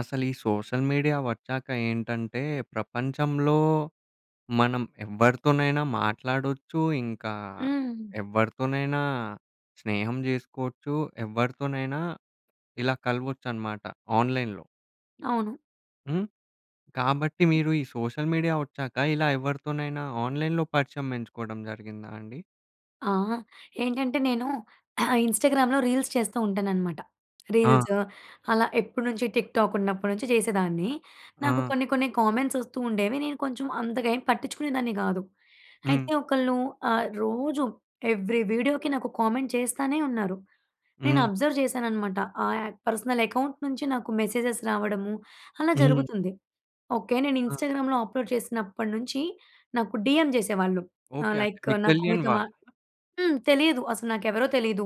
అసలు ఈ social media వొచ్చాకేంటంటే, ప్రపంచంలో మనం ఎవరితోనైనా మాట్లాడొచ్చు, ఇంకా హ్మ్. ఎవరితోనైనా స్నేహం చేసుకోవచ్చు, ఎవరితోనైనా ఇలా కలవొచ్చనమాట, ఆన్‌లైన్‌లో. అవును. హ్మ్. కాబట్టి, హ్మ్. మీరు ఈ సోషల్ మీడియా వొచ్చాక ఇలా ఎవరితోనైనా ఆన్‌లైన్‌లో పరిచయం పెంచుకోవడం జరిగిందాండి? ఆ! ఏంటంటే, నేను ఇన్స్టాగ్రామ్‌లో రీల్స్ చేస్తూ ఉంటాననమాట. ఆ! రీల్స్ అలా ఎప్పటి నుంచి టిక్‌టాక్ ఉన్నప్పటి నుంచి చేసేదాన్ని. నాకు ఆ! కొన్ని, కొన్ని కామెంట్స్ వస్తూండేవి, నేను కొంచెం అంతగేమి పట్టించుకునేదాన్ని గాదు. హ్మ్. అయితే ఒకళ్ళు ఆహ్, రోజు ఏవ్రి వీడియోకి నాకు కామెంట్ చేస్తనే ఉన్నారు. నేను హ్మ్. అబ్జర్వ్ చేశాననమాట, ఆ అక్ పర్సనల్ అకౌంట్ నుంచి నాకు మెసేజెస్ రావడము అలా హ్మ్. జరుగుతుంది. ఓకే, నేను ఆ! ఇన్స్టాగ్రామ్‍లో అప్లోడ్ చేసినప్పట్నుంచి, నాకు డీఎం చేసేవాళ్ళు. ఆహ్, ఓకే. అంటే లైక్, మీకు "నాకు తెలియని మీతో మా" వాళ్ళు? హ్మ్. తెలీదు, అసలు నాకెవరో తెలీదు.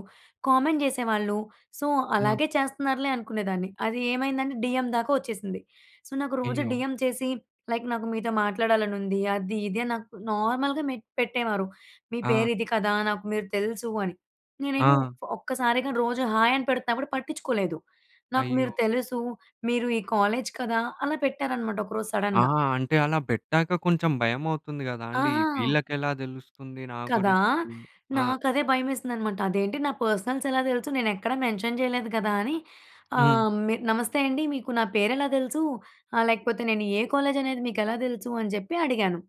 కామెంట్ జేసేవాళ్ళు. సో, హ్మ్. అలాగే చేస్తున్నారులే అనుకునేదాన్ని. అది ఏమైందంటే, డీఎం దాకా వొచ్చేసింది. సో, నాకు రోజు అయ్యో! డీఎం చేసి లైక్, "నాకు మీతో మాట్లాడాలని ఉంది, అది, ఇది" అని నాకు నార్మల్‍గా మె పెట్టేవారు, "మీ ఆ! పేరు ఇది కదా! నాకు మీరు తెలుసు" అని. నేనేమో ఆ! ఒక్కసారిగా రోజు, "హాయ్" అని పెడుతున్నగాని పట్టించుకోలేదు, "నాకు మీరు అయ్యో! తెలుసు, మీరు ఈ కాలేజ్ కదా" అలా పెట్టారనమాట ఒకరోజు ఆ! సడన్‌గా. అంటే, అలా పెట్టాక కొంచెం భయమవుతుంది కదాండీ! ఆహా! వీళ్ళకి ఎలా తెలుస్తుంది నా కదా! గురించి? ఆ! నాకు అదే భయమేసిందనమాట. అదేంటి నా పర్సనల్స్ ఎలా తెలుసు? నేను ఎక్కడ మెన్షన్ చేయలేదు కదా! అని. హ్మ్. ఆహ్, నమస్తే అండి, మీకు నా పేరు ఎలా తెలుసు? లేకపోతే నేను ఏ కాలేజ్ అనేది మీకు ఎలా తెలుసు? అని చెప్పి అడిగాను.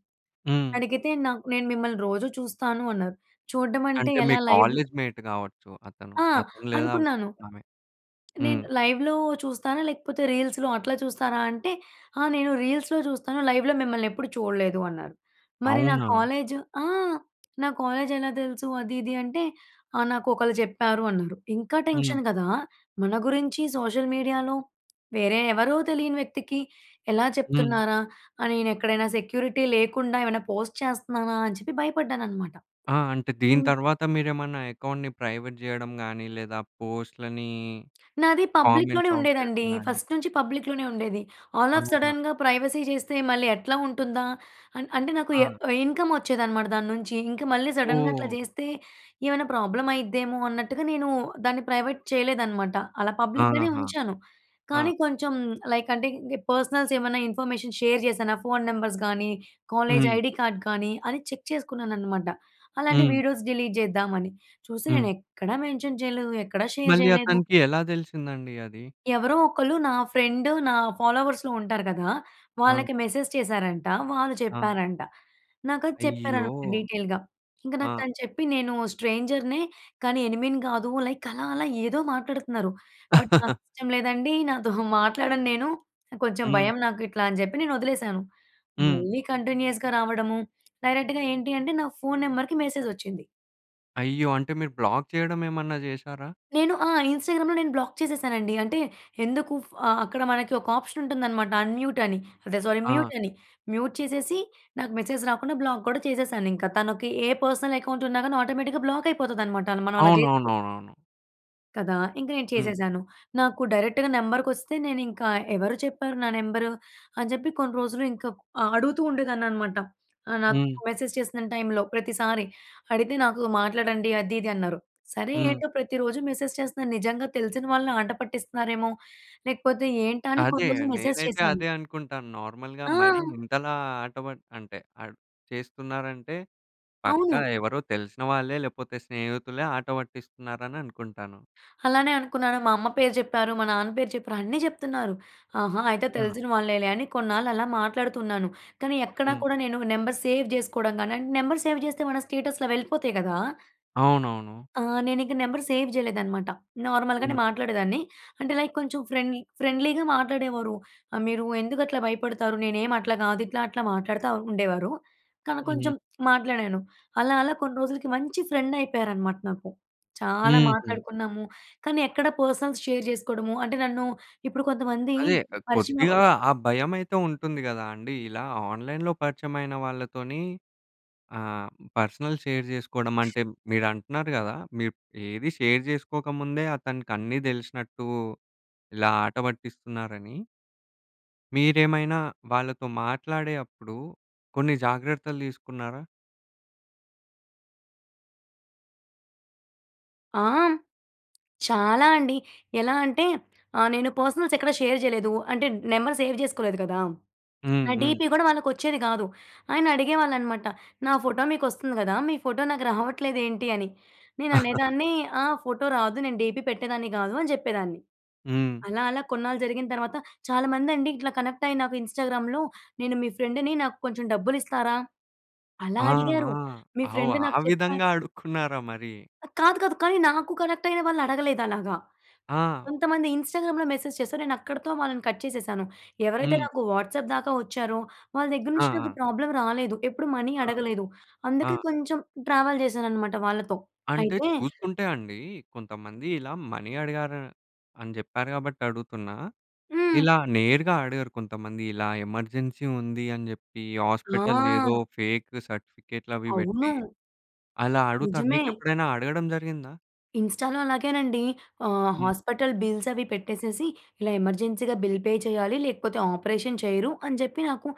హ్మ్. అడిగితే, "నాకు నేను మిమ్మల్ని రోజు చూస్తాను" అన్నారు. చూడటం అంటే, అంటే, మీ ఎలా లైవ్ కాలేజ్‌మేట్ కావొచ్చు అతను. ఆ! అతను లేదా అనుకున్నాను. ఆమె. నేను హ్మ్. లైవ్‌లో చూస్తానా? లేకపోతే రీల్స్‌లో అట్లా చూస్తారా? అంటే, "ఆ! నేను రీల్స్‌లో చూస్తాను. లైవ్‌లో మిమ్మల్ని ఎప్పుడు చూడలేదు" అన్నారు. మరి నా అవునా? కాలేజ్, ఆ! నా కాలేజ్ ఎలా తెలుసు? అది, ఇది, అంటే, "నాకు ఒకళ్ళు చెప్పారు" అన్నారు. ఇంకా హ్మ్. టెన్షన్ కదా! మన గురించి సోషల్ మీడియాలో, వేరే ఎవరో తెలియని వ్యక్తికి ఎలా హ్మ్. చెప్తున్నారా! అని నేను ఎక్కడైనా సెక్యూరిటీ లేకుండా ఏమైనా పోస్ట్ చేస్తున్నానా? అని చెప్పి భయపడ్డానన్నమాట. ఆ! అంటే దీని హ్మ్. తర్వాత మీరేమన్నా అకౌంట్‌ని ప్రైవేట్ చేయడం గాని, లేదా పోస్ట్‌లని నాది పబ్లిక్‌ లోనే కామెంట్స్ ఆఫ్ చేయడం ఉండేదండి. గాని ఫస్ట్ నుంచి పబ్లిక్‌ లోనే ఉండేది. ఆల్ ఆఫ్ అవునా? సడెన్‌గా ప్రైవసీ చేస్తే మళ్ళీ ఎట్లా ఉంటుందా! అంటే, నాకు ఆ! ఇన్‌కమ్ వొచ్చేదనమాట దాని నుంచి. ఇంకా మళ్ళీ సడెన్‌గా అట్లా ఓహ్! జేస్తే ఏమైనా ప్రాబ్లమ్ అయిద్దేమో అన్నట్టుగా నేను దాన్ని ప్రైవేట్ చేయలేదనమాట. అలా పబ్లిక్‌ గానే ఆహా! ఉంచాను. ఆ! కానీ కొంచెం లైక్ అంటే, పర్సనల్స్ ఏమన్నా ఇన్ఫర్మేషన్ షేర్ చేశానా? ఫోన్ నెంబర్స్ గాని, కాలేజ్ హ్మ్. ఐడీ కార్డ్ కానీ, అని చెక్ చేసుకున్నాను అనమాట. అలాంటి హ్మ్. వీడియోస్ డిలీట్ చేద్దామని. చూస్తే హ్మ్. నేను ఎక్కడా మెన్షన్ చేయలేదు, ఎక్కడా షేర్ మళ్ళీ చేయలేదు. అతనికి ఎలా తెలిసిందండి అది? ఎవరో ఒకళ్ళు నా ఫ్రెండ్, నా ఫాలోవర్స్‌లో ఉంటారు కదా! ఆ! వాళ్ళకి మెసేజ్ చేశారంట, వాళ్ళు ఆ! చెప్పారంట. నాకు అది అయ్యో! చెప్పారన్నమాట డీటెయిల్‌గా, ఇంకా ఆ! నాకు తను చెప్పి, "నేను స్ట్రేంజర్‍నే, కానీ ఎనిమీని కాదు" లైక్ అలా, అలా ఏదో మాట్లాడుతున్నారు. బట్, నాకు ఇష్టం లేదండి, నాతో మాట్లాడను నేను కొంచెం హ్మ్. భయం, నాకు ఇట్లా అని చెప్పి నేను వదిలేసాను. హ్మ్. మళ్ళీ కంటిన్యూయస్‌గా రావడము డైరెక్ట్‌గా ఏంటి, అంటే నా ఫోన్ నెంబర్‍కి మెసేజొచ్చింది. అయ్యో! అంటే మీరు బ్లాక్ చేయడం ఏమన్నా జేశారా? నేను ఆ! ఇంస్టాగ్రామ్‌లో నేను బ్లాక్ చేసేసానండి. అంటే, ఎందుకు ఫ అక్కడ మనకి ఒక ఆప్షన్ ఉంటుందనమాట, అన్‍మ్యూట్ అని. అదే సారీ ఆ! మ్యూట్ అని. మ్యూట్ చేసేసి, నాకు మెసేజ్ రాకుండా బ్లాక్ కూడా చేసేసాను ఇంక. తనకి ఏ పర్సనల్ అకౌంట్ ఉన్నా గాని, ఆటోమేటిక్‌గా బ్లాక్ అయిపోతుంది అనమాట మనం అలా జేస్తే. అవునవునవునవును. కదా! ఇంకా నేను హ్మ్. చేసేశాను. నాకు డైరెక్ట్‌గా నెంబర్‌కొస్తే, నేను ఇంకా ఎవరు చెప్పారు నా నెంబర్? అని చెప్పి కొన్ని రోజులు ఇంకా ఆహ్, అడుగుతూ ఉండేదాన్ని అనమాట. ఆహ్, నాకు హ్మ్. మెసేజ్ చేసిన టైంలో, ప్రతిసారి అడిగితే నాకు మాట్లాడండి అది, ఇది అన్నారు. సరే, హ్మ్. ఏంటో ప్రతిరోజు మెసేజ్ చేస్తున్నారూ నిజంగా తెలిసిన వాళ్ళ ఆటపట్టిస్తున్నారేమో? లేకపోతే ఏంటా? అని అదే కొన్ని రోజులు మెసేజ్ నేనైతే చేశాను. అదే అనుకుంటాను. నార్మల్‌గా మరి ఆ! ఇంతలా ఆట ప అంటే ఆహ్, చేస్తున్నారంటే పక్కా అవును. ఎవరో తెలిసిన వాళ్ళే లేకపోతే, స్నేహితులే ఆట పట్టిస్తున్నారని అనుకుంటాను. అలానే అనుకున్నాను. మా అమ్మ పేరు చెప్పారు, మా నాన్న పేరు చెప్పారు అన్నీ చెప్తున్నారు. ఆహా! అయితే అవునా? తెలిసిన వాళ్ళేలే అని కొన్నాళ్ళు అలా మాట్లాడుతున్నాను. కానీ, ఎక్కడ హ్మ్. కూడా నేను నంబర్ సేవ్ చేసుకోవడం కానీ, నంబర్ సేవ్ చేస్తే మన స్టేటస్‌లు వెళ్ళిపోతాయి కదా! అవునవును. ఆ! నేనింక నెంబర్ సేవ్ చేయలేదన్నమాట. నార్మల్‍గానే హ్మ్. మాట్లాడేదాన్ని. అంటే, లైక్, కొంచెం ఫ్రెండ్లీ ఫ్రెండ్లీగా మాట్లాడేవారు. ఆహ్, "మీరు ఎందుకు అట్లా భయపడతారు, నేనేమి అట్లా గాదు" ఇట్లా, అట్లా మాట్లాడుతూ ఉండేవారు. కా హ్మ్. కొంచెం మాట్లాడాను అలా, అలా కొన్ని రోజులకి మంచి ఫ్రెండ్ అయిపోయారనమాట నాకు. చాలా హుహు. మాట్లాడుకున్నాము. కానీ, ఎక్కడ పర్సనల్స్ షేర్ జేసుకోవడము అంటే, నన్ను ఇప్పుడు కొంతమంది అదే, పరిచయం కొద్దిగా అవ్వగానే ఆ భయమైతే ఉంటుంది గదా అండి. ఇలా ఆన్లైన్‍లో పరిచయం అయిన వాళ్ళతోని ఆహ్, పర్సనల్ షేర్ జేసుకోవడం అంటే, మీరు అంటున్నారు గదా, మీరు ఏది షేర్ జేసుకోకముందే అతనికి అన్నీ తెలిసినట్టు ఇలా ఆట పట్టిస్తున్నారని. మీరేమైనా వాళ్ళతో మాట్లాడే అప్పుడు కొన్ని జాగ్రత్తలు తీసుకున్నారా? ఆ! హ్మ్ చాలా అండి. ఎలా అంటే ఆహ్ నేను పర్సనల్స్ ఎక్కడ షేర్ చేయలేదు. అంటే నెంబర్ సేవ్ చేసుకోలేదు కదా! హ్మ్. నా హ్మ్. డీపీ కూడా వాళ్ళకి వచ్చేది కాదు. ఆయన అడిగేవాళ్ళు అనమాట. నా ఫోటో మీకు వస్తుంది కదా! మీ ఫోటో నాకు రావట్లేదేంటి అని. నేను అనేదాన్ని, ఆ! ఫోటో రాదు నేను డీపీ పెట్టేదాన్ని కాదు అని చెప్పేదాన్ని. హ్మ్. అలా, అలా కొన్నాళ్ళు జరిగిన తర్వాత చాలామందండి ఇట్లా కనెక్ట్ అయ్యి నాకు ఇన్‌స్టాగ్రామ్‌లో "నేను మీ ఫ్రెండ్‌ని నాకు కొంచెం డబ్బులు ఇస్తారా?" అలా ఆ! అడిగారు. ఆ! మీ ఆవొ ఫ్రెండ్ ఆ నాకు చెప్పా విధంగా అడుక్కున్నారా మరి? ఆ! కాదు, కాదు. కానీ నాకు కనెక్ట్ అయిన వాళ్ళు అడగలేదు అలాగా. ఆ! కొంతమంది ఇన్‌స్టాగ్రామ్‌లో మెసేజ్ చేసారు. నేను అక్కడితో వాళ్ళని కట్ చేసేసాను. ఎవరైతే హ్మ్. నాకు వాట్సాప్ దాకా వచ్చారో, వాళ్ళ దగ్గర ఆ! నుంచి నాకు ఆ! ప్రాబ్లమ్ రాలేదు. ఎప్పుడు మనీ ఆ! అడగలేదు. ఆ! అందుకే కొంచెం ట్రావెల్ చేశాననమాట వాళ్ళతో. అంటే అయితే చూసుకుంటే అండి, కొంతమంది ఇలా మనీ అడిగారు అని చెప్పారు కాబట్టి అడుగుతున్నా. హ్మ్. ఇలా నేరుగా అడగరు కొంతమంది ఇలా ఎమర్జెన్సీ ఉంది అని చెప్పి హాస్పిటల్ ఏదో, ఆ! ఫేక్ సర్టిఫికేట్‌లవి పెట్టి అవును. అలా అడుగుతారు. నిజమే. మీకు ఎప్పుడైనా అడగడం జరిగిందా? ఇన్‌స్టాలో అలాగేనండి. ఆహ్, హ్మ్. హాస్పటల్ బిల్సవి పెట్టేసేసి, ఇలా ఎమర్జెన్సీగా బిల్ పే చేయాలి. లేకపోతే, ఆపరేషన్ చేయరు అని చెప్పి, నాకు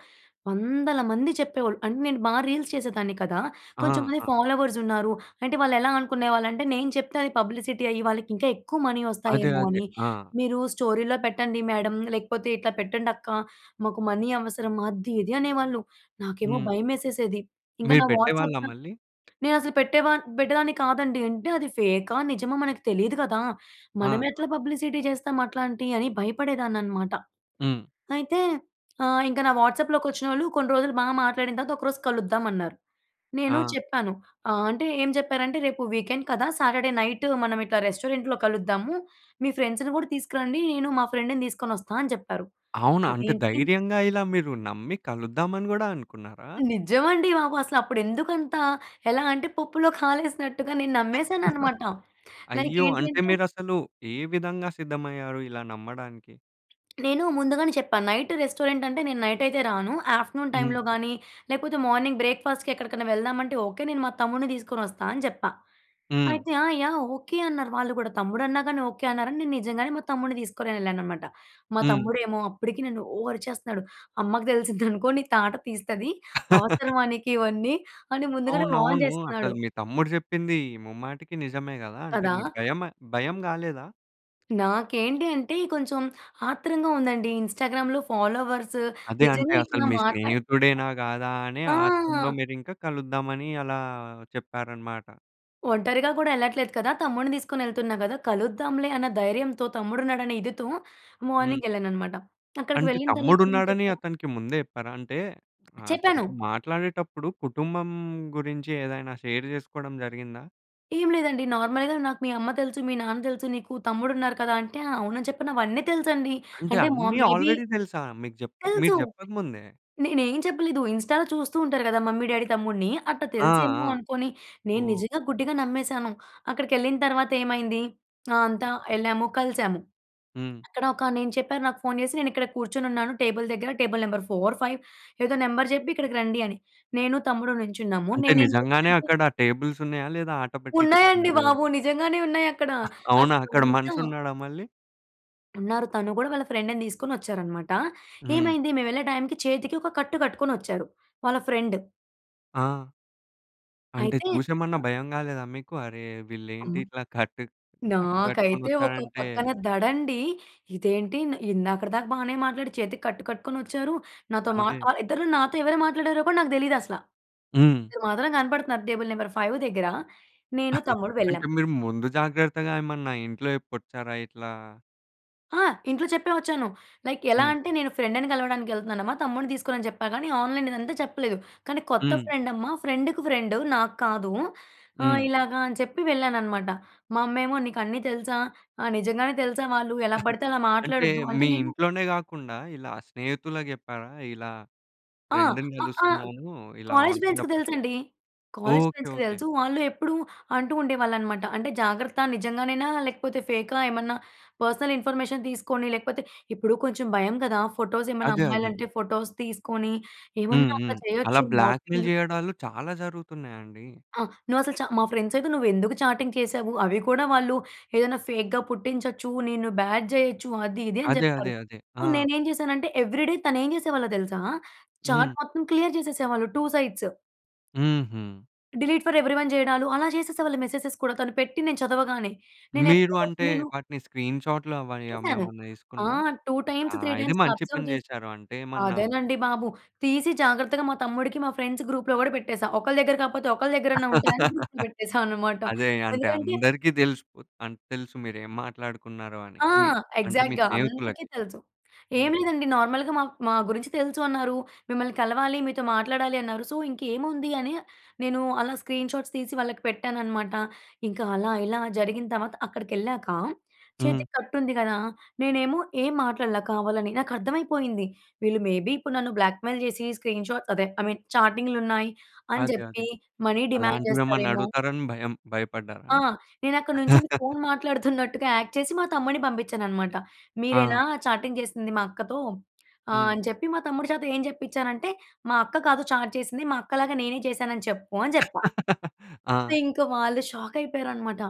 వందల మంది చెప్పేవాళ్ళు. అంటే, నేను బా రీల్స్ చేసేదాన్ని కదా! ఆ! కొంచెంమంది అ! ఫాలోవర్సున్నారు. అంటే, వాళ్ళెలా అనుకునేవాళ్ళంటే, నేను చెప్తే అది పబ్లిసిటీ అయ్యి, వాళ్ళకింకా ఎక్కువ మనీ అదే, వస్తాయేమో అదే. అని. ఆ! మీరు స్టోరీలో పెట్టండి మ్యాడం, లేకపోతే ఇట్లా పెట్టండక్క, మాకు మనీ అవసరం అది, ఇది అనేవాళ్ళు. నాకేమో హ్మ్. భయమేసేసేది. ఇంకా మీరు నా వాట్సాప్ పెట్టేవాళ్ళా త మళ్ళీ? నేనసలు పెట్టే వా పెట్టేదాన్ని కాదండి. అంటే, అది ఫేకా, నిజమా? మనకి తెలీదు కదా! ఆహా! మనమెట్లా పబ్లిసిటీ చేస్తాం అట్లాంటి అని భయపడేదాన్ననమాట. హ్మ్. అయితే, ఆహ్, ఇంక నా వాట్సాప్‍లోకొచ్చినోళ్ళు, కొన్ని రోజులు బా మాట్లాడిన తర్వాత, ఒకరోజు కలుద్దామన్నారు. నేను ఆ! చెప్పాను ఆహ్, అంటే ఏం చెప్పారంటే, "రేపు వీకెండ్ కదా! సాటర్డే నైట్ మనం ఇట్లా రెస్టారెంట్‍లో కలుద్దాము. మీ ఫ్రెండ్స్‌ని కూడా తీసుకురండి, నేను మా ఫ్రెండ్‌ని తీసుకొనొస్తా" అని చెప్పారు. అవునా? అంటే, అదేంటి ధైర్యంగా ఇలా మీరు నమ్మి, కలుద్దామని గూడా అనుకున్నారా? నిజమండి బాబు. అసలప్పుడెందుకంత ఎలా అంటే, పప్పులో కాలేసినట్టుగా నేను నమ్మేసానన్నమాట. లైక్ అయ్యో! ఏంటీ అంటే, అంటే మీరసలు ఏ విధంగా సిద్ధమయ్యారు? ఇలా నమ్మడానికి? నేను ముందుగానే చెప్పా నైట్ రెస్టారెంట్ అంటే నేను నైటయితే రాను ఆఫ్టర్నూన్ హ్మ్. టైంలో గాని లేపోతే మార్నింగ్ బ్రేక్‌ఫాస్ట్‌కి ఎక్కడికనా వెళ్దామంటే ఓకే నేను మా తమ్ముడిని తీసుకొనొస్తా అని జెప్పా. హ్మ్. అయితే "ఆ! యాహ్! ఓకే" అన్నారు వాళ్ళు గూడా. తమ్ముడన్నా గానీ ఓకే అన్నారని నేను నిజంగానే మా తమ్ముడిని తీసుకొని ఎళ్ళాననమాట. మా హ్మ్. తమ్ముడేమో అప్పటికి నన్ను ఓ అరిచేస్తున్నాడు "అమ్మకి తెలిసిద్దనుకో నీ తాట తీస్తది. అవసరమా నీకివన్నీ" అని ముందుగానే వార్న్ అవునవును. అసలు జేస్తున్నాడు. మీ తమ్ముడు చెప్పింది ముమ్మాటికి నిజమే గదా! అంటే కదా! మీకు భయమ భయం గాలేదా? నాకేంటి అంటే కొంచెం ఆత్రంగా ఉందండి ఇన్‌స్టాగ్రామ్‌లో ఫాలోవర్స్ అదే అంటే నిజంగా అసలు ఇట్లా మీ మాట్లా స్నేహితుడేనా గాదా అనే ఆ! ఆత్రంలో మీరింక కలుద్దామని అలా చెప్పారన్నమాట. ఒంటరిగా కూడా ఎళ్ళట్లేదు కదా! తమ్ముడిని తీసుకొని వెళ్తున్నా గదా కలుద్దాంలే అన్న ధైర్యంతో తమ్ముడున్నాడనే ఇదితో హ్మ్. మార్నింగ్ ఎళ్ళానన్నమాట. అక్కడికి అంటే వెళ్ళిన తమ్ముడు తర్వాత ఏం ఉన్నాడని చెప్పారు? అతనికి ముందే చెప్పారా? అంటే చెప్పాను. అతనితో మాట్లాడేటప్పుడు కుటుంబం గురించి ఏదైనా షేర్ జేసుకోవడం జరిగిందా? ఏం లేదండి నార్మల్‌గా నాకు "మీ అమ్మ తెలుసు. మీ నాన్న తెలుసు. నీకు తమ్ముడు ఉన్నారు కదా" అంటే అవునని చెప్పిన అవన్నీ తెలుసండి అంటే అంటే మొ అన్ని మేబీ ఆల్రెడీ దెలుసా? మీకు జెప్పక మీరు తెలుసు. జెప్పకముందే? నేనేం చెప్పలేదు. ఇన్‌స్టాలో చూస్తూ ఉంటారు గదా మమ్మీ, డ్యాడీ, తమ్ముడిని అట్టా ఆ! తెలుసేమో ఆ! అనుకోని నేను నిజంగా ఓహో! గుడ్డిగా నమ్మేసాను. అక్కడికెళ్ళిన తర్వాత ఏమైంది ఆ అంతా ఎళ్ళాము. కలిసాము. హ్మ్. అక్కడ ఒక నేను చెప్పారు నాకు ఫోన్ చేసి నేనని క్కడ కూర్చొనున్నాను టేబుల్ దగ్గర టేబుల్ నెంబర్ ఫోర్ ఫైవ్ ఏదో నెంబర్ జెప్పి ఇక్కడికి రండి అని నేను తమ్ముడు నుంచున్నాము. అంటే నేనేం నిజంగానే జేసాంటే అక్కడ టేబుల్స్ ఉన్నాయా? లేదా ఆటపట్టించారండి ఉన్నాయండి అది గూడా. బాబు. నిజంగానే ఉన్నాయక్కడ. అవునా! అసలు అక్కడ అంతా మనిషి ఉన్నాడా మళ్ళీ? ఉన్నారు. తను గూడా వాళ్ళ ఫ్రెండ్‌ని తీసుకొని వచ్చారన్నమాట. హ్మ్. ఏమైంది మేము వెళ్ళే టైమ్‌కి, చేతికి ఒక కట్టు కట్టుకొని వచ్చాడు. వాళ్ళ ఫ్రెండ్. ఆ! అంటే అయితే చూసేమన్నా అ! భయం కాలేదా మీకు? అరే ఆ! వీళ్ళేంటి ఇట్లా కట్టు కట్టు కట్టుకొని నాకైతే ఒక వచ్చారంటే పక్కన దడండి. ఇదేంటి, ఇందాకటి దాకా బాగానే మాట్లాడి చేతికి కట్టు కట్టుకొనొచ్చారు. నాతో మా అదే. ఆహ్, ఇద్దరిలో నాతో ఎవరు మాట్లాడారో కూడా నాకు తెలియదసల. హ్మ్. ఇద్దరు మాత్రం కనపడుతున్నారు. టేబుల్ నంబర్ 5 దగ్గర. నేను తమ్ముడు అంటే, వెళ్ళాం. మీరు ముందు జాగ్రత్తగా ఏమన్నా ఇంట్లో చెప్పి వచ్చారా ఇట్లా ఆ! ఇంట్లో చెప్పే వచ్చాను. లైక్ ఎలా హ్మ్. అంటే, నేను ఫ్రెండ్‌ని కలవడానికి వెళ్తున్నానమ్మా, తమ్ముడిని తీసుకోనని చెప్పా గాని ఆన్‍లైన్ ఇదంతా చెప్పలేదు. కానీ కొత్త హ్మ్. ఫ్రెండమ్మా, ఫ్రెండ్‌కి ఫ్రెండ్ నాకు కాదు. ఆహ్, హ్మ్. ఇలాగా అని చెప్పి వెళ్ళాననమాట. "మా అమ్మేమో నీకన్నీ తెలుసా? ఆహ్, నిజంగానే తెలుసా వాళ్ళు? ఎలా పడితే అలా అంటే మాట్లాడొద్దు." అంటే మీ నేను ఇంట్లోనే కాకుండా, ఇలా స్నేహితులకు చెప్పారా? ఇలా ఆ! ఫ్రెండ్‌ని అ ఆ! కలుస్తున్నాను, ఇలా కాలేజ్ ఆన్లైన్‌లో ఫ్రెండ్స్‌కి పరిచయం తెలుసండి. College okay. ఫ్రెండ్స్‌కి ఓకె. తెలుసు. వాళ్ళు ఎప్పుడూ అంటూ ఉండేవాళ్ళనమాట, అంటే జాగ్రత్త నిజంగానేనా, లేకపోతే ఫేకా? ఏమన్నా పర్సనల్ ఇన్ఫర్మేషన్ తీసుకొని లేకపోతే, ఇప్పుడు కొంచెం భయం కదా! ఫోటోస్ ఏమన్నా అదే. అదే. అమ్మాయిలంటే ఫోటోస్ తీసుకొని, హ్మ్. ఏమన్నా అట్లా హ్మ్. అలా చేయొచ్చు బ్లాక్‌మెయిల్ మార్ఫింగ్ చేయడాలు చాలా జరుగుతున్నాయండి. ఆ! నువ్వసలు చా మా ఫ్రెండ్స్ అయితే, "నువ్వెందుకు చాటింగ్ చేసావు? అవి కూడా వాళ్ళు ఏదైనా ఫేక్‌గా పుట్టించొచ్చు. నిన్ను బ్యాడ్ చేయొచ్చు." అది, ఇది అని అదే, అదే, చెప్తారు. అదే. సో, ఆ! నేనేం చేశానంటే ఎవ్రీడే తనేం చేసేవాళ్ళో తెలుసా? చాట్ హ్మ్. మొత్తం క్లియర్ చేసేసేవాళ్ళు 2 సైడ్స్. హుహు. డిలీట్ ఫర్ ఎవ్రివన్ చేయడాలు అలా చేసేసే వాళ్ళు మెసేజెస్ కూడా. తను పెట్టి నేను చదవగానే. మీరు నేనెప్పటికప్పుడు అంటే, నేను వాటిని స్క్రీన్‌షాట్‌లవి చేసాను. అవేవన్నా ఆ! తీసుకున్రా? 2 ఆ! టైమ్స్, 3 ఇది టైమ్స్ అలా మంచి అబ్జర్వ్ పని జేసి చేసారు. అంటే ఏమన్నా అదేనండి బాబు! తీసి జాగ్రత్తగా మా తమ్ముడికి, మా ఫ్రెండ్స్ గ్రూప్‌లో కూడా పెట్టేసా. ఒకళ్ళ దగ్గర కాకపోతే, ఒకళ్ల దగ్గరన్నా ఉంటాయని గ్రూప్‌లో పెట్టేసా అనమాట. అదే. అంటే ఎందుకంటే అందరికి తెలిసిపో అన్ తెలుసు మీరేం మాట్లాడుకున్నారో అని. ఆ! మీ అంటే మీ ఎగ్జాక్ట్‌గా. అందరికీ స్నేహితులకి. తెలుసు. ఏం హ్మ్. లేదండి నార్మల్‍గా మా మా గురించి తెలుసు అన్నారు. మిమ్మల్ని కలవాలి, మీతో మాట్లాడాలి అన్నారు. సో, ఇంకేముంది అని నేను అలా స్క్రీన్‌షాట్స్ తీసి వాళ్ళకి పెట్టాననమాట. ఇంకా అలా, ఇలా జరిగిన తర్వాత అక్కడికెళ్ళాక హ్మ్. చేతికి కట్టు ఉంది కదా! నేనేమో ఏం మాట్లాడల కావాలని. నాకర్థమైపోయింది. వీళ్ళు మేబీ ఇప్పుడు నన్ను బ్లాక్‌మెయిల్ చేసి స్క్రీన్‌షాట్స్ అదే ఐ మీన్ చాటింగ్‌లున్నాయి అని అదే, అదే. చెప్పి, మనీ డిమాండ్ అలాంటివేమన్నా చేస్తారేమో అడుగుతారని భయం భయపడ్డారా? ఆ! నేనక్కడ నుంచొని ఫోన్ మాట్లాడుతున్నట్టుగా యాక్ట్ చేసి మా తమ్ముడిని పంపించాననమాట. ఆ! మీరేనా చాటింగ్ చేసింది మా అక్కతో? ఆహ్, హ్మ్. అని చెప్పి మా తమ్ముడు చేత ఏం చెప్పించానంటే, మా అక్క కాదు చాట్ చేసింది. మా అక్కలాగా నేనే చేశాను అని చెప్పు అని చెప్పా. అయితే, ఆ! ఇంకా వాళ్ళు షాక్ అయిపోయారన్నమాట.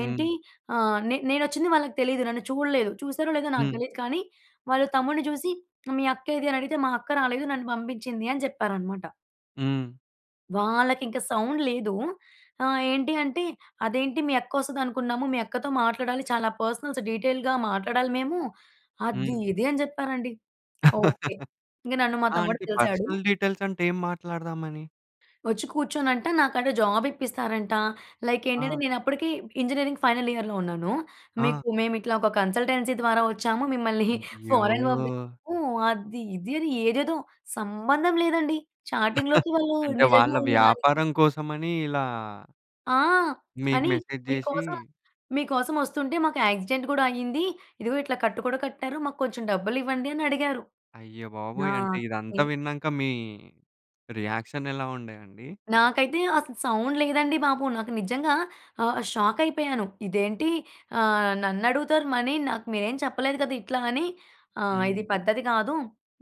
హ్మ్. ఆహ్, నే నేను వచ్చింది వాళ్ళకి తెలియదు. నన్ను చూడలేదు. చూసారో, లేదో నాకు హ్మ్. తెలియదు కానీ వాళ్లు తమ్ముడిని చూసి ఆహ్, "మీ అక్కేది" అని అడిగితే, "మా అక్క రాలేదు. నన్ను పంపించింది" అని చెప్పారన్నమాట. హ్మ్. వాళ్ళకింక సౌండ్ లేదూ. ఆహ్, ఏంటీ అంటే, "అదేంటి మీ అక్క వస్తదనుకున్నాము మీ అక్కతో మాట్లాడాలి. చాలా పర్సనల్స్ డీటెయిల్‌గా మాట్లాడాలి మేము." హ్మ్. అది ఇది అని చెప్పారండి. ఓకె. ఇంక నన్ను మా ఆ! తమ్ముడు అంటే కలిసాడు. పర్సనల్ డీటెయిల్స్ అంటే ఏం మాట్లాడదామని? వచ్చి కూర్చొనంట నాకంట జాబ్ ఇప్పిస్తారంటా. లైక్ ఆ! ఏంటంటే నేనప్పటికీ ఇంజనీరింగ్ ఫైనల్ ఇయర్‍‌లో ఉన్నాను. ఆ! మీకు మేము ఇట్లా ఒక కన్సల్టెన్సీ ద్వారా వచ్చాము. మిమ్మల్ని అయ్యో! ఫారన్ పంపిస్తాము. అది, ఇది అని ఏదేదో సంబంధం లేదండి. చాటింగ్‌లోకి వాళ్ళూ అంటే నిజంగా వాళ్ళ ఉన్నదానికి. వ్యాపారం కోసమని ఇలా ఆ! మీకు అని మెసేజ్ చేసీ మీకోసం, మీకోసం వస్తుంటే మాకు యాక్సిడెంట్ కూడా అయింది. ఇదిగో ఇట్లా కట్టు కూడా కట్టారు మా కొంచెం డబ్బులివ్వండి అని అడిగారు. అయ్య బాబోయ్! అంటే ఇదంతా నాకే విన్నాక మీ రియాక్షన్ ఎలా ఉండే అండి? నాకైతే అసల సౌండ్ లేదండి బాబు. నాకు నిజంగా ఆహ్, షాకయిపోయాను. ఇదేంటి ఆహ్, నన్నడుగుతారు మనీ నాకు మీరేం చెప్పలేదు కదా! ఇట్లా అని ఆహ్, హ్మ్. ఇది పద్ధతి కాదు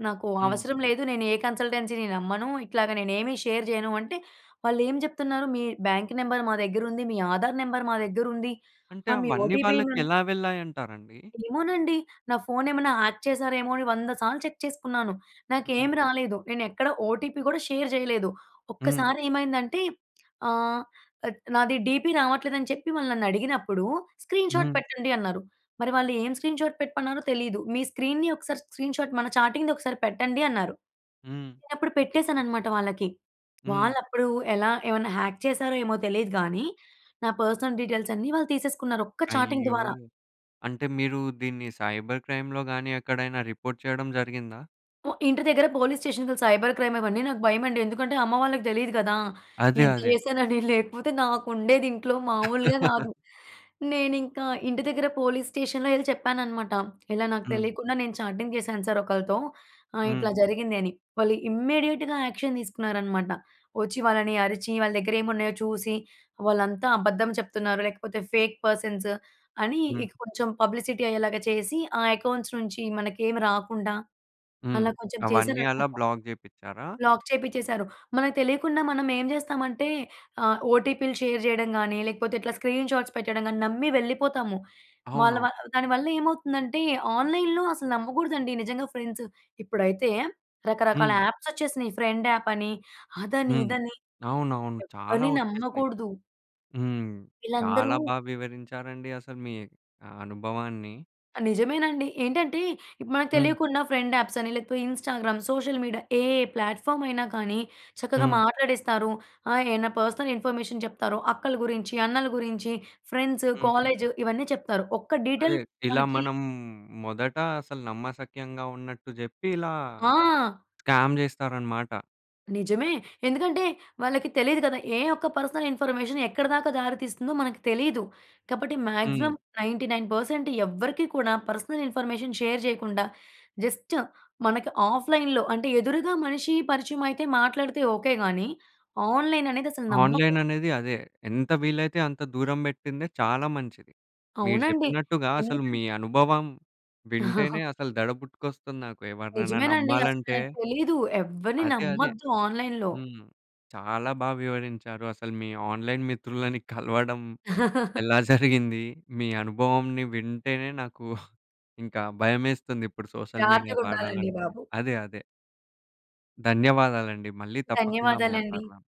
నాకు హ్మ్. అవసరం లేదు. నేను ఏ కన్సల్టెన్సీని నమ్మను. ఇట్లాగా నేను ఏమి షేర్ చేయను అంటే వాళ్ళేం చెప్తున్నారు, మీ బ్యాంక్ నెంబర్ మా దగ్గరుంది, మీ ఆధార్ నెంబర్ మా దగ్గరుంది అంటే మీ అవన్నీ ఓటీపీ మా వాళ్ళకెలా వెళ్ళాయంటారండి? ఏమోనండి. నా ఫోన్ ఏమన్నా హ్యాక్ చేశారేమో అని వంద సార్లు చెక్ చేసుకున్నాను. హుహు. నాకేమి రాలేదు నేను ఎక్కడ ఓటీపీ కూడా షేర్ చేయలేదు. హ్మ్. ఒక్కసారేమైందంటే ఆహ్, అడ్ నాది డీపీ రావట్లేదని చెప్పి వాళ్ళు నన్నడిగినప్పుడు స్క్రీన్‌షాట్ హ్మ్. పెట్టండి అన్నారు. మరి వాళ్ళు ఏం స్క్రీన్‌షాట్ పెట్టమన్నారో తెలీదు. మీ స్క్రీన్‌ని ఒకసారి స్క్రీన్‌షాట్ మన చాటింగ్‌‌ది ఒకసారి పెట్టండి అన్నారు. హ్మ్. నేనప్పుడు పెట్టేసానన్నమాట వాళ్ళకి. హ్మ్. వాళ్ళప్పుడు ఎలా ఏవన్న హాక్ చేసారో ఏమో తెలిదు గాని, నా పర్సనల్ డీటెయిల్స్ అన్ని వాళ్ళు తీసేసుకున్నారు ఒక్క చాటింగ్ అయ్యో! ద్వారా. అంటే మీరూ దీన్ని సైబర్ క్రైమ్‌లో గాని ఎక్కడైనా రిపోర్ట్ చేయడం జరిగిందా? ఇంటి దగ్గర పోలీస్ స్టేషన్‍కి సైబర్ క్రైమ్ ఇవన్నీ నాకు భయమండి ఎందుకంటే, అమ్మ వాళ్ళకి తెలీదు కదా! అదే, ఇంత అదే. చేశానని లేకపోతే, నాకు ఉండేది ఇంట్లో మామూలుగా కాదు. నేనింకా ఇంటి దగ్గర పోలీస్ స్టేషన్‍లో ఎళ్ళి చెప్పాననమాట, ఇలా నాకు హ్మ్. తెలియకుండా నేను చాటింగ్ చేశాను సార్ ఒకళ్ళతో ఆహ్, హ్మ్. ఇట్లా జరిగింది అని. వాళ్ళు ఇమ్మీడియేట్‌గా యాక్షన్ తీసుకున్నారనమాట. వచ్చి వాళ్ళని అరిచి, వాళ్ళ దగ్గర ఏమున్నాయో చూసి వాళ్ళంతా అబద్ధం చెప్తున్నారో, లేకపోతే ఫేక్ పర్సన్స్ అని హ్మ్. ఇక కొంచెం పబ్లిసిటీ అయ్యేలాగా చేసి ఆ అకౌంట్స్ నుంచి మనకేమి రాకుండా హ్మ్. అలా కొంచెం అవన్నీ అలా చేసారన్నమాట. బ్లాక్ చేపిచ్చారా? లాక్ చేపిచ్చేసారు. మనకు తెలియకుండా మనం ఏం చేస్తామంటే ఆహ్, ఓటీపీలు షేర్ చేయడం కాని లేకపోతే, ఇట్లా స్క్రీన్ షాట్స్ పెట్టడం గాని నమ్మి వెళ్ళిపోతాము. వాళ్ళ వా అవునవును. దానివల్ల ఏమవుతుందంటే, ఆన్‍లైన్‍లో అసలు నమ్మకూడదండి నిజంగా ఫ్రెండ్స్ ఇప్పుడైతే రకరకాల హ్మ్. యాప్స్ వచ్చేసినాయి, ఫ్రెండ్ యాప్ అని అదని, హ్మ్. ఇదని అవునవును చాలా ఎవ్వరిని వచ్చేసినయి. నమ్మకూడదు. హ్మ్. ఈళ్ళందరూ చాలా బాగా వివరించారండి అసలు మీ ఆహ్, అనుభవాన్ని. ఆ! నిజమేనండి ఏంటంటే, ఇప్ మనకు హ్మ్. తెలియకుండా ఫ్రెండ్ యాప్స్ అని లేకపోతే ఇన్‌స్టాగ్రామ్, సోషల్ మీడియా ఏ ప్లాట్‍ఫామ్ అయినా కానీ చక్కగా హ్మ్. మాట్లాడేస్తారు. ఆహ్, ఏన్న పర్సనల్ ఇన్ఫర్మేషన్ చెప్తారో అక్కల గురించి అన్నల గురించి ఫ్రెండ్స్, హ్మ్. కాలేజ్ ఇవన్నీ చెప్తారు ఒక్క అదే డీటెయిల్ ఇలా మనకి మనం మొదట అసలు నమ్మశక్యంగా ఉన్నట్టు చెప్పి ఇలా ఆ! స్కామ్ చేస్తారన్నమాట. నిజమే. ఎందుకంటే వాళ్ళకి తెలియదు కదా! ఏ ఒక్క పర్సనల్ ఇన్ఫర్మేషన్ ఎక్కడి దాకా దారితీస్తుందో మనకు తెలీదు. కాబట్టి హ్మ్. మాక్సిమం 99% పర్సెంట్ ఎవ్వరికీ కూడా పర్సనల్ ఇన్ఫర్మేషన్ షేర్ చేయకుండా జస్ట్ మనకి ఆఫ్‌లైన్‌లో అంటే ఎదురుగా మనిషి పరిచయం అయితే మాట్లాడితే ఓకే గానీ, ఆన్‍లైన్ అనేది అసలు నమ్మక ఆన్‍లైన్ అనేది అదే, ఎంత వీలైతే అంత దూరం పెట్టిందే చాలా మంచిది. మీరు అవునండి చెప్పినట్టుగా అసలు మీ ఎందుకంటే అనుభవం వింటేనే అసలు దడ పుట్టుకొస్తుంది నాకు ఎవరినైనా నిజమేనండి. అసలు నమ్మాలంటే. మనకి తెలీదు. ఎవ్వరిని అదే, అదే. నమ్మొద్దు ఆన్‌లై‌న్‌లో. హ్మ్. చాలా బాగా వివరించారు అసలు మీ ఆన్‍లైన్ మిత్రులని కలవడం ఎలా జరిగింది మీ అనుభవంని వింటేనే నాకు ఇంకా భయమేస్తుంది ఇప్పుడు, సోషల్ మీడియా జాగ్రత్తగ ఉండాలండి వాడాలంటే, బాబు! అదే, అదే. ధన్యవాదాలండి. మళ్ళీ తప్పకుండా ధన్యవాదాలండి. మాట్లాడదాం.